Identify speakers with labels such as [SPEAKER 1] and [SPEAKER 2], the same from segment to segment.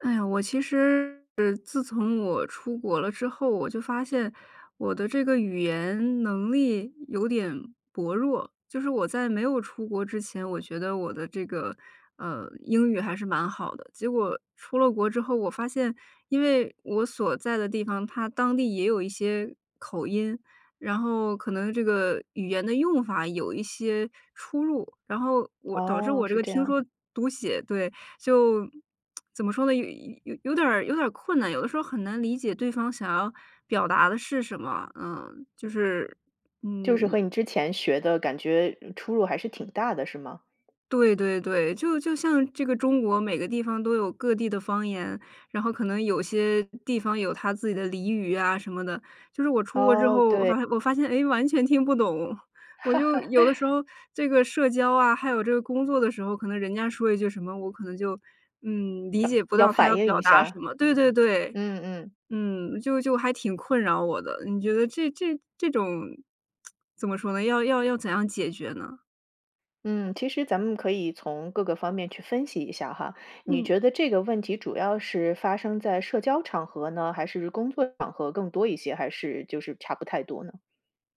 [SPEAKER 1] 哎呀，我其实自从我出国了之后，我就发现我的这个语言能力有点薄弱。就是我在没有出国之前，我觉得我的这个，呃，英语还是蛮好的。结果出了国之后，我发现因为我所在的地方，它当地也有一些口音，然后可能这个语言的用法有一些出入。然后我导致
[SPEAKER 2] 哦，
[SPEAKER 1] 我这
[SPEAKER 2] 是
[SPEAKER 1] 个
[SPEAKER 2] 这
[SPEAKER 1] 听
[SPEAKER 2] 样。
[SPEAKER 1] 说读写对，就，怎么说呢？有有有点儿有点儿困难，有的时候很难理解对方想要表达的是什么，嗯，就是，
[SPEAKER 2] 就是
[SPEAKER 1] 嗯
[SPEAKER 2] 和你之前学的感觉出入还是挺大的，是吗？
[SPEAKER 1] 对对对，就就像这个中国每个地方都有各地的方言，然后可能有些地方有它自己的俚语呀什么的。就是我出国之
[SPEAKER 2] 哦，
[SPEAKER 1] 后，我
[SPEAKER 2] 对。
[SPEAKER 1] 发现我发现哎，完全听不懂。我就有的时 候这个社交啊，还有这个工作的时候，可能人家说一句什么，我可能就，嗯，理
[SPEAKER 2] 要
[SPEAKER 1] 解不
[SPEAKER 2] 要
[SPEAKER 1] 到他要
[SPEAKER 2] 反应
[SPEAKER 1] 表
[SPEAKER 2] 一
[SPEAKER 1] 达什
[SPEAKER 2] 下？
[SPEAKER 1] 么对对对，
[SPEAKER 2] 嗯嗯。
[SPEAKER 1] 嗯，就就还挺困扰我的。你觉得这这这种 怎么说呢，要要要怎样解决呢？
[SPEAKER 2] 嗯，其实咱们可以从各个方面去分析一下哈，你
[SPEAKER 1] 嗯。
[SPEAKER 2] 觉得这个问题主要是发生在社交场合呢，还是工作场合更多一些，还是就是差不太多呢？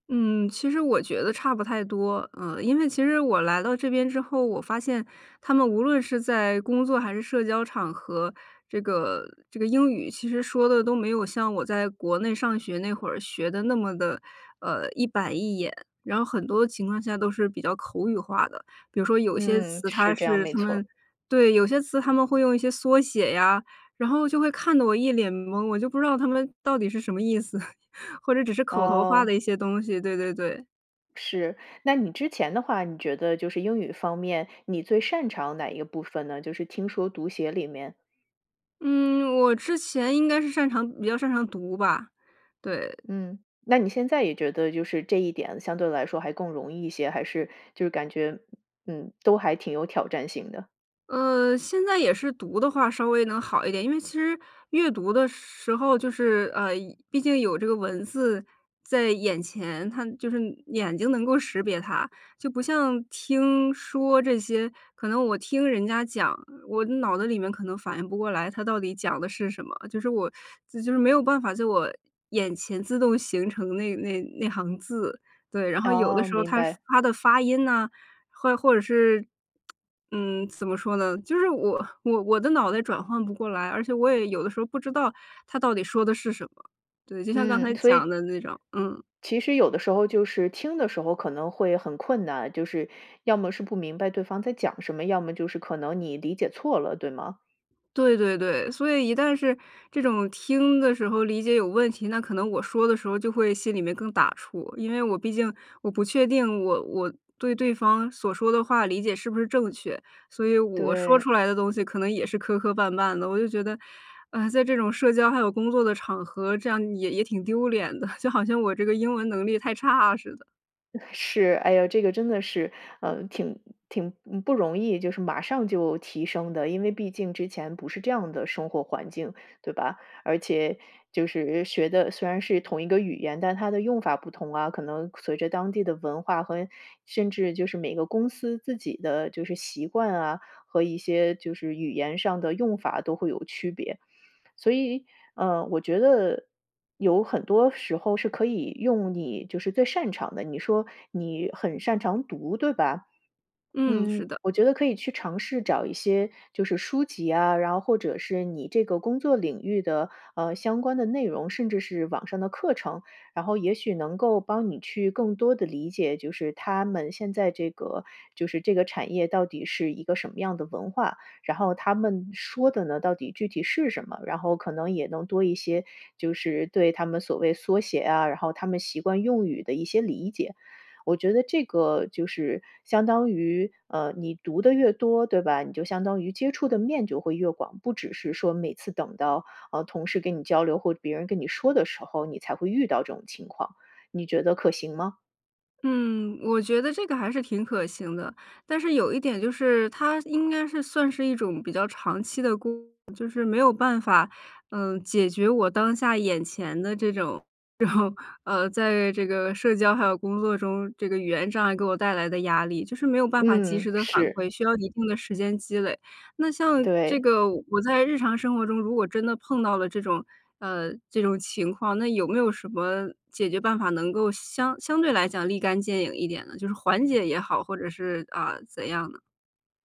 [SPEAKER 1] 嗯，其实我觉得差不太多，嗯。因为其实我来到这边之后，我发现他们无论是在工作还是社交场合，这个这个英语其实说得都没有像我在国内上学那会儿学得那么的，呃，一板一眼。然后很多情况下都是比较口语化的，比如说有些
[SPEAKER 2] 嗯，
[SPEAKER 1] 词
[SPEAKER 2] 是
[SPEAKER 1] 它
[SPEAKER 2] 这样，
[SPEAKER 1] 是
[SPEAKER 2] 没
[SPEAKER 1] 他
[SPEAKER 2] 错。
[SPEAKER 1] 们对，有些词他们会用一些缩写呀，然后就会看得我一脸蒙，我就不知道他们到底是什么意思，或者只是口头化
[SPEAKER 2] 哦。
[SPEAKER 1] 的一些东西，对对对。
[SPEAKER 2] 是，那你之前的话，你觉得就是英语方面你最擅长哪一个部分呢？就是听说读写里面。
[SPEAKER 1] 嗯，我之前应该是擅长比较擅长读吧。对。
[SPEAKER 2] 嗯，那你现在也觉得就是这一点相对来说还更容易一些，还是就是感觉，嗯，都还挺有挑战性的。
[SPEAKER 1] 嗯，现在也是读的话稍微能好一点，因为其实阅读的时候就是呃，毕竟有这个文字在眼前，它就是眼睛能够识别它。就不像听、说这些，可能我听人家讲，我脑子里面可能反应不过来他到底讲的是什么，就是我就是没有办法就我眼前自动形成那那那行字。对，然后有的
[SPEAKER 2] 哦，
[SPEAKER 1] 时候
[SPEAKER 2] 明
[SPEAKER 1] 他
[SPEAKER 2] 白。
[SPEAKER 1] 发的发音呐，或或者是，嗯，怎么说呢，就是我我我的脑袋转换不过来，而且我也有的时候不知道他到底说的是什么。对，就像刚才
[SPEAKER 2] 嗯，所
[SPEAKER 1] 讲
[SPEAKER 2] 以
[SPEAKER 1] 的那种，嗯。
[SPEAKER 2] 其实有的时候就是听的时候可能会很困难，就是要么是不明白对方在讲什么，要么就是可能你理解错了，对吗？
[SPEAKER 1] 对对对，所以一旦是这种听的时候理解有问题，那可能我说的时候就会心里面更打怵，因为我毕竟我不确定我我对对方所说的话理解是不是正确，所以我说
[SPEAKER 2] 对。
[SPEAKER 1] 出来的东西可能也是磕磕绊绊的。我就觉得，呃，在这种社交还有工作的场合，这样也也挺丢脸的，就好像我这个英文能力太差似的。
[SPEAKER 2] 哎，是。哎呦，这个真的是，嗯，挺挺，嗯，不容易就是马上就提升的，因为毕竟之前不是这样的生活环境，对吧？而且就是学的虽然是同一个语言，但它的用法不同啊，可能随着当地的文化和甚至就是每个公司自己的就是习惯啊，和一些就是语言上的用法都会有区别。所以，嗯，我觉得有很多时候是可以用你就是最擅长的，你说你很擅长读，对吧？
[SPEAKER 1] 嗯，是
[SPEAKER 2] 嗯，
[SPEAKER 1] 的。
[SPEAKER 2] 我觉得可以去尝试找一些就是书籍啊，然后或者是你这个工作领域的，呃，相关的内容，甚至是网上的课程，然后也许能够帮你去更多地理解，就是他们现在这个就是这个产业到底是一个什么样的文化，然后他们说的呢，到底具体是什么。然后可能也能多一些就是对他们所谓缩写啊，然后他们习惯用语的一些理解。我觉得这个就是相当于，呃，你读得越多，对吧？你就相当于接触的面就会越广，不只是说每次等到，呃，同事跟你交流或别人跟你说的时候，你才会遇到这种情况。你觉得可行吗？
[SPEAKER 1] 嗯，我觉得这个还是挺可行的。但是有一点就是，它应该是算是一种比较长期的功夫就是没有办法，呃，解决我当下眼前的这种这种，呃，在这个社交还有工作中，这个语言障碍给我带来的压力，就是没有办法及
[SPEAKER 2] 嗯，
[SPEAKER 1] 时地反
[SPEAKER 2] 是。
[SPEAKER 1] 馈，需要一定的时间积累。那像这
[SPEAKER 2] 对。
[SPEAKER 1] 个我在日常生活中，如果真的碰到了这种，呃，这种情况，那有没有什么解决办法，能够相相对来讲立竿见影一点呢？就是缓解也好，或者是呃，怎样呢？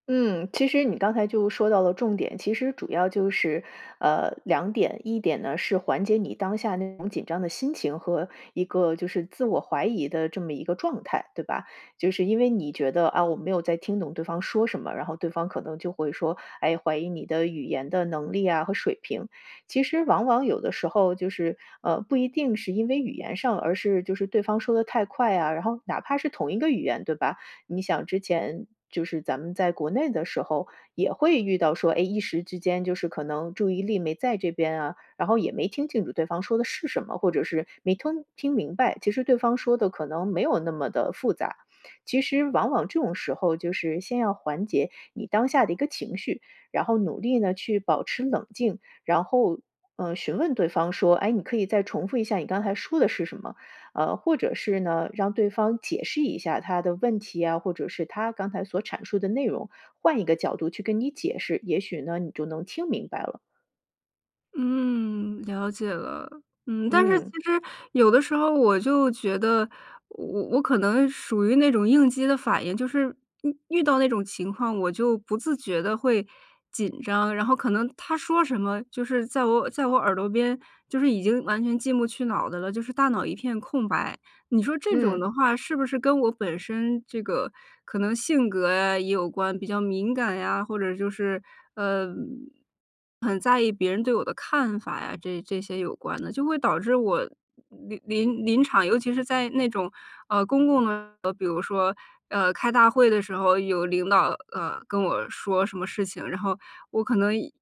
[SPEAKER 2] 嗯，其实你刚才就说到了重点。其实主要就是，呃，2点。一点呢，是缓解你当下那种紧张的心情和一个就是自我怀疑的这么一个状态，对吧？就是因为你觉得，啊，“我没有在听懂对方说什么，”然后对方可能就会说，哎，怀疑你的语言的能力啊和水平。其实往往有的时候，就是，呃，不一定是因为语言上，而是就是对方说得太快呀。然后哪怕是同一个语言，对吧？你想之前就是咱们在国内的时候，也会遇到说，哎，一时之间就是可能注意力没在这边啊，然后也没听清楚对方说的是什么，或者是没吞听明白。其实对方说得可能没有那么地复杂。其实，往往这种时候就是先要缓解你当下的一个情绪，然后努力呢去保持冷静，然后，呃，询问对方说：“哎，你可以再重复一下你刚才说的是什么？”呃，或者是呢，让对方解释一下他的问题呀，或者是他刚才所阐述的内容，换一个角度去跟你解释，也许呢，你就能听明白了。
[SPEAKER 1] 嗯，了解了。嗯，但是其
[SPEAKER 2] 嗯。
[SPEAKER 1] 实有的时候我就觉得，我我我可能属于那种应激的反应，就是遇遇到那种情况，我就不自觉地会紧张，然后可能他说什么，就是在我耳在我耳朵边，就是已经完全进不去脑子了，就是大脑一片空白。你说这种
[SPEAKER 2] 嗯。
[SPEAKER 1] 的话是不是跟我本身这个可能性格啊也有关，比较敏感呀，或者就是，呃，很在意别人对我的看法呀，这这些有关的，就会导致我临临临场尤其是在那种，呃，公共的比如说，呃，开大会的时候有领导，呃，跟我说什么事情，然后我可能一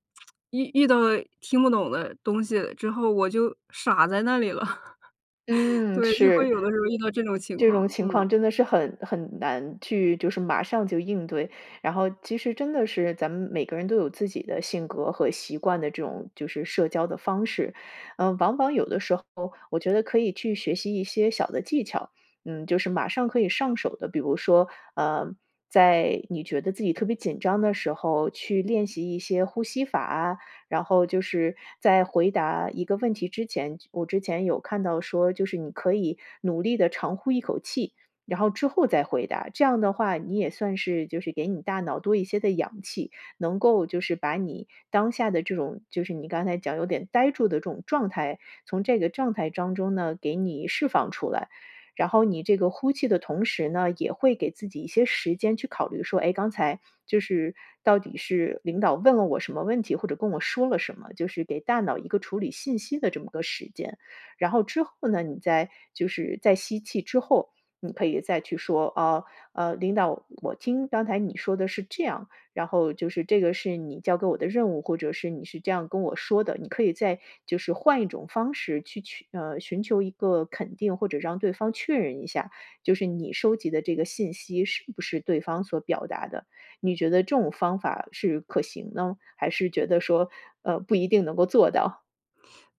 [SPEAKER 1] 遇遇到了听不懂的东西之后，我就傻在那里了。
[SPEAKER 2] 嗯，
[SPEAKER 1] 对，就会
[SPEAKER 2] 是。
[SPEAKER 1] 有的时候遇到这种情
[SPEAKER 2] 这种
[SPEAKER 1] 况，
[SPEAKER 2] 情
[SPEAKER 1] 嗯。
[SPEAKER 2] 况真的是很很难去就是马上就应对，然后其实真的是，咱们每个人都有自己的性格和习惯的这种就是社交的方式。呃，往往有的时候，我觉得可以去学习一些小的技巧，嗯，就是马上可以上手的。比如说，呃，在你觉得自己特别紧张的时候去练习一些呼吸法啊，然后就是在回答一个问题之前，我之前有看到说，就是你可以努力地长呼一口气，然后之后再回答，这样的话你也算是就是给你大脑多一些的氧气，能够就是把你当下的这种就是你刚才讲有点呆住的这种状态，从这个状态当中呢，给你释放出来。然后你这个呼气的同时呢，也会给自己一些时间去考虑说，诶，刚才就是到底是领导问了我什么问题，或者跟我说了什么，就是给大脑一个处理信息的这么个时间。然后之后呢，你在就是在吸气之后，你可以再去说啊，呃，“领导，我听刚才你说的是这样，然后就是这个是你交给我的任务“，或者是”你是这样跟我说的”，你可以再就是换一种方式去取呃，寻求一个肯定，或者让对方确认一下。就是你收集的这个信息是不是对方所表达的，你觉得这种方法是可行呢，还是觉得说，呃，不一定能够做到？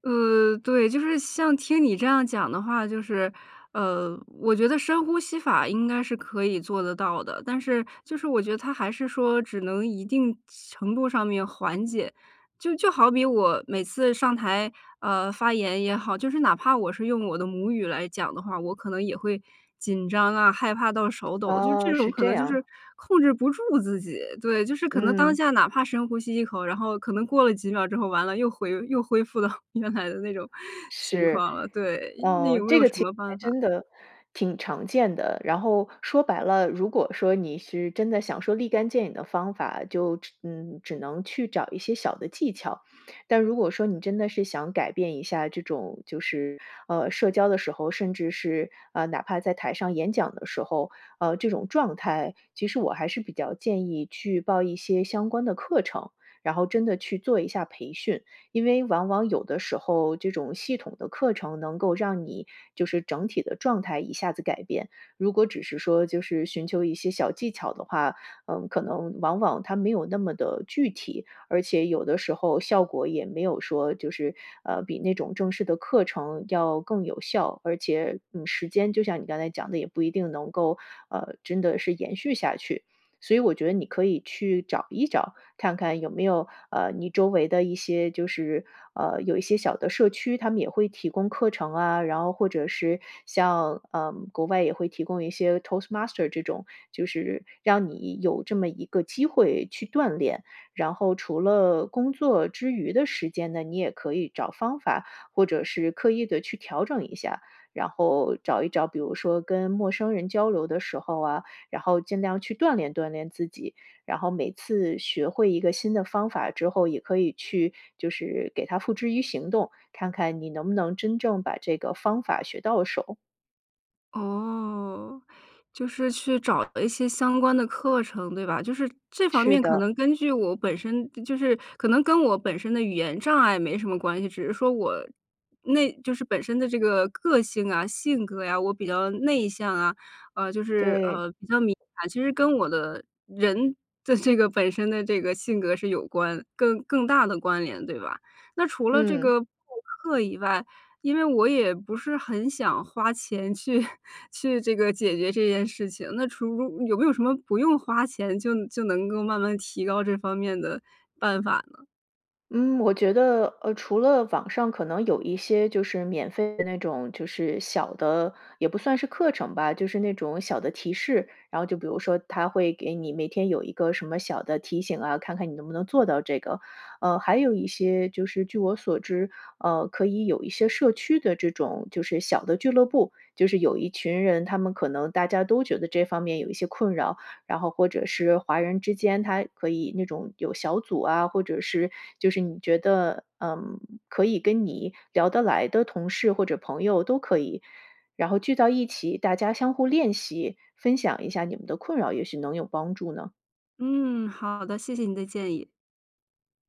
[SPEAKER 1] 呃，对，就是像听你这样讲的话，就是呃，我觉得深呼吸法应该是可以做得到的，但是就是我觉得它还是说只能一定程度上面缓解，就就好比我每次上台，呃，发言也好，就是哪怕我是用我的母语来讲的话，我可能也会紧张啊，害怕到手抖，就这
[SPEAKER 2] 哦，
[SPEAKER 1] 种
[SPEAKER 2] 是
[SPEAKER 1] 可
[SPEAKER 2] 这
[SPEAKER 1] 能就
[SPEAKER 2] 样。
[SPEAKER 1] 是控制不住自己，对，就是可能当
[SPEAKER 2] 嗯。
[SPEAKER 1] 下哪怕深呼吸一口，然后可能过了几秒之后，完了，又回又恢复到原来的那种情
[SPEAKER 2] 是，
[SPEAKER 1] 况了。对，那
[SPEAKER 2] 呃，
[SPEAKER 1] 有没
[SPEAKER 2] 这
[SPEAKER 1] 有
[SPEAKER 2] 个
[SPEAKER 1] 什
[SPEAKER 2] 其实
[SPEAKER 1] 么
[SPEAKER 2] 还
[SPEAKER 1] 办法？
[SPEAKER 2] 真的挺常见的，然后说白了，如果说你是真的想说立竿见影的方法，就只嗯，只能去找一些小的技巧。但如果说你真的是想改变一下这种，就是，呃，社交的时候，甚至是，呃，哪怕在台上演讲的时候，呃，这种状态，其实我还是比较建议去报一些相关的课程，然后真的去做一下培训，因为往往有的时候，这种系统的课程能够让你就是整体的状态一下子改变。如果只是说就是寻求一些小技巧的话，嗯，可能往往它没有那么的具体，而且有的时候效果也没有说就是，呃，比那种正式的课程要更有效，而且，嗯，时间就像你刚才讲的，也不一定能够呃，真的是延续下去。所以我觉得你可以去找一找，看看有没有，呃，你周围的一些就是呃，有一些小的社区，他们也会提供课程啊，然后或者是像，呃，国外也会提供一些 toast master 这种，就是让你有这么一个机会去锻炼。然后除了工作之余的时间呢，你也可以找方法，或者是刻意地去调整一下。然后找一找比如说跟陌生人交流的时候啊，然后尽量去锻炼锻炼自己。然后每次学会一个新的方法之后，也可以去就是给它付之于行动，看看你能不能真正把这个方法学到手。
[SPEAKER 1] 哦。就是去找了一些相关的课程，对吧？就是这方
[SPEAKER 2] 是
[SPEAKER 1] 面可
[SPEAKER 2] 的。
[SPEAKER 1] 能根据我本身就是可能跟我本身的语言障碍没什么关系，只是说我那就是本身的这个个性啊，性格啊，我比较内向啊，呃，就是，
[SPEAKER 2] 对。
[SPEAKER 1] 呃，比较敏感。其实跟我的人的这个本身的这个性格是有关更更大的关联，对吧？那除了这
[SPEAKER 2] 嗯。
[SPEAKER 1] 个上课以外因为我也不是很想花钱去去这个解决这件事情，那除有没有什么不用花钱就就能够慢慢提高这方面的办法呢？
[SPEAKER 2] 嗯，我觉得，呃，除了网上可能有一些就是免费的那种，就是小的，也不算是课程吧，就是那种小的提示，然后就比如说它会给你每天有一个什么小的提醒啊，看看你能不能做到这个。呃，还有一些就是据我所知，呃，可以有一些社区的这种就是小的俱乐部，就是有一群人，他们可能大家都觉得这方面有一些困扰，然后或者是华人之间他可以那种有小组啊，或者是就是你觉得，呃，可以跟你聊得来的同事或者朋友都可以。然后聚到一起大家相互练习，分享一下你们的困扰也许能有帮助呢？
[SPEAKER 1] 嗯，好的，谢谢你的建议。